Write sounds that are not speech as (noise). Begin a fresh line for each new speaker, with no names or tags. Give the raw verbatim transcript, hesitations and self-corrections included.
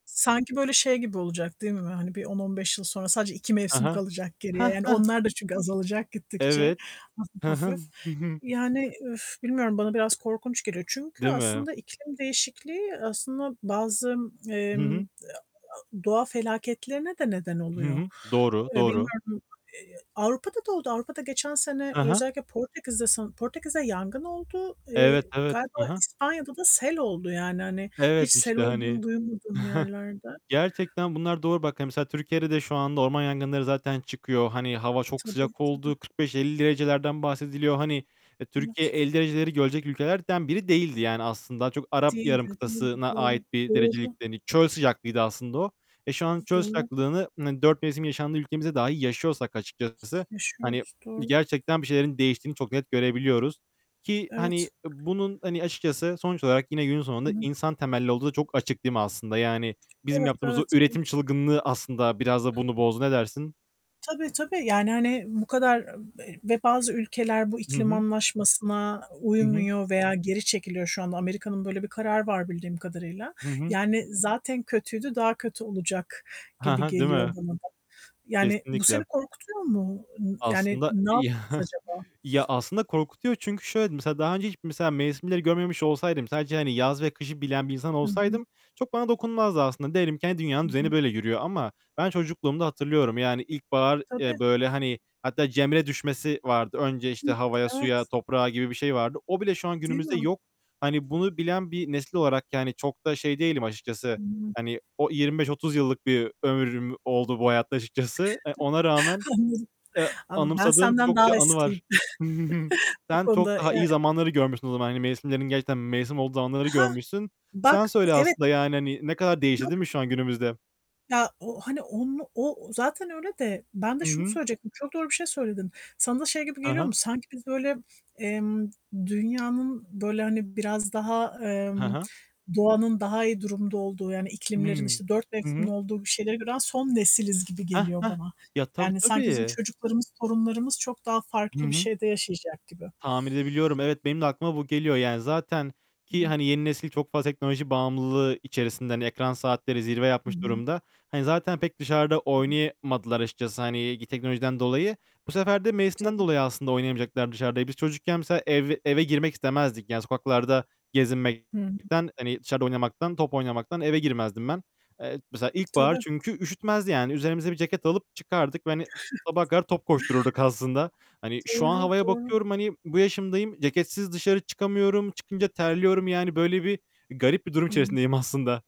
Sanki, böyle, şey gibi olacak değil mi? Hani, bir on, on beş yıl sonra sadece iki
Ha
mevsim
ha.
kalacak geriye.
Hah,
Yani,
hah.
onlar da çünkü azalacak gittikçe,
Evet.
hafif
He he,
hafif.
hı hı.
Yani, üf, bilmiyorum bana biraz korkunç geliyor. Çünkü,
Değil mi?
aslında iklim değişikliği, aslında, bazı,
Hı
emm, a
hı.
a doğa felaketlerine de neden
Hı
oluyor.
hı. Doğru,
Eee,
doğru.
bilmiyorum. E e Avrupa'da oldu. Avrupa'da geçen sene,
Ha ha.
özellikle Portekiz'de san Portekiz'de yangın oldu.
Evet,
Eee,
evet.
galiba
Ha ha.
İspanya'da da sel oldu yani, hani, hiç
Evet,
sel
işte, hani
olduğunu duymadığım
(chuckles)
yerlerde.
Gerçekten bunlar doğru. Bak, hani, mesela Türkiye'de de şu anda orman yangınları zaten çıkıyor. Hani, hava çok
Tabii,
sıcak
tabii.
olduğu kırk beş elli derecelerden bahsediliyor. Hani, Türkiye
Anlat.
elli dereceleri görecek ülkelerden biri değildi. Yani, aslında daha çok Arap Yarım
Değildi, değildi.
Kıtası'na ait
Doğru,
bir
doğru.
derecelikti, hani. Çöl sıcaklığıydı aslında o. E, şu an çöl
Doğru.
sıcaklığını, dört mevsim yaşandığı ülkemizde dahi yaşıyorsak açıkçası, hani,
Yaşıyoruz, doğru.
gerçekten bir şeylerin değiştiğini çok net görebiliyoruz
T
ki, hani, e,
Evet.
bunun, hani açıkçası sonuç olarak yine günün
Hı
sonunda
hı.
insan temelli olduğu da çok açık, değil mi, aslında? Yani bizim
Evet,
yaptığımız o
evet,
üretim
evet.
çılgınlığı aslında biraz da bunu bozdu. Ne dersin?
Tabii, tabii. Yani, hani, bu kadar ı e ve bazı ülkeler bu
Hı
iklim
hı.
anlaşmasına
Hı hı.
uymuyor veya geri çekiliyor şu anda. Amerika'nın böyle bir kararı var bildiğim kadarıyla.
Hı hı.
Yani, zaten kötüydü, daha kötü olacak
Ha
gibi
ha, değil
geliyor
mi?
bana da. Yani, bu seni
Kesinlikle.
korkutuyor mu? Imm yani,
Aslında
ne
iyi
yapacağız
(chuckles)
acaba?
Ya, aslında korkutuyor. Çünkü, şöyle, mesela daha önce hiç, mesela, mevsimleri görmemiş olsaydım, sadece, hani, yaz ve kışı bilen bir insan
Hı hı.
olsaydım çok bana dokunmazdı aslında. Diyelim ki, hani,
Hı
dünyanın düzeni
hı.
böyle yürüyor ama ben çocukluğumda hatırlıyorum. Yani, ilkbahar,
Tabii.
eee, böyle, hani, hatta cemre düşmesi vardı. Önce,
Hıh.
işte, havaya,
Evet.
suya, toprağa gibi bir şey vardı. O bile şu an
Değil
günümüzde
mi?
yok. Hani, bunu bilen bir nesil olarak, yani, çok da şey değilim açıkçası.
Hıı.
Hani, o yirmi beş otuz yıllık bir ömrüm oldu bu hayatta açıkçası. E, ona rağmen,
Anladım.
eee,
Anladım. Ben
anımsadığım
senden
çokça
daha
anı var.
eskiyim.
(chuckles)
(chuckles) Bu
Sen çok
konuda,
daha iyi
eee
zamanları görmüşsün o zaman. Hani mevsimlerin gerçekten mevsim olduğu zamanları
Hah!
görmüşsün.
Bak,
Sen söyle,
evet.
aslında, yani, hani, ne kadar değişti,
Yok,
değil mi,
yok.
şu an günümüzde?
Ya, o hani, onu o zaten öyle de, ben de
Hı
şunu
hı.
söyleyecektim, çok doğru bir şey söyledin. Sana da şey gibi
Ha
geliyor
ha.
mu? Sanki biz öyle, emm, dünyanın böyle, hani, biraz daha,
Ha
emm,
ha.
doğanın daha iyi durumda olduğu, yani, iklimlerin,
Hıı.
işte, dört
Hı
mevsimin
hı.
olduğu bir şeyleri gören son nesiliz gibi
Hah!
geliyor
Hah!
bana.
Ya, tabii,
Yani, sanki bizim
tabii.
çocuklarımız, torunlarımız çok daha
Hı
farklı bir
hı.
şeyde yaşayacak gibi.
Tahmin edebiliyorum. Evet, benim de aklıma bu geliyor. Yani, zaten
Hı
ki,
hı.
hani, yeni nesil çok fazla teknoloji bağımlılığı içerisinde, hani, ekran saatleri zirve
Hı
yapmış
hı.
durumda. Hani, zaten pek dışarıda
Hı hı.
oynayamadılar açıkçası, hani, teknolojiden dolayı. Bu sefer de mevsimden
Tabii.
dolayı aslında oynamayacaklar dışarıda. E, biz çocukken, mesela, ev eve girmek istemezdik. Yani, sokaklarda
Hıı.
gezinmekten, hani, dışarıda oynamaktan, top oynamaktan eve girmezdim ben. Eee, mesela, ilkbahar
Tabii.
çünkü üşütmezdi yani. Üzerimize bir ceket alıp çıkardık ve, hani, sabaha
(chuckles)
kadar top koştururduk aslında. Hani, şu an
Doğru,
havaya
doğru.
bakıyorum, hani, bu yaşımdayım, ceketsiz dışarı çıkamıyorum, çıkınca terliyorum yani. Böyle bir, garip bir durum
Hıı.
içerisindeyim aslında.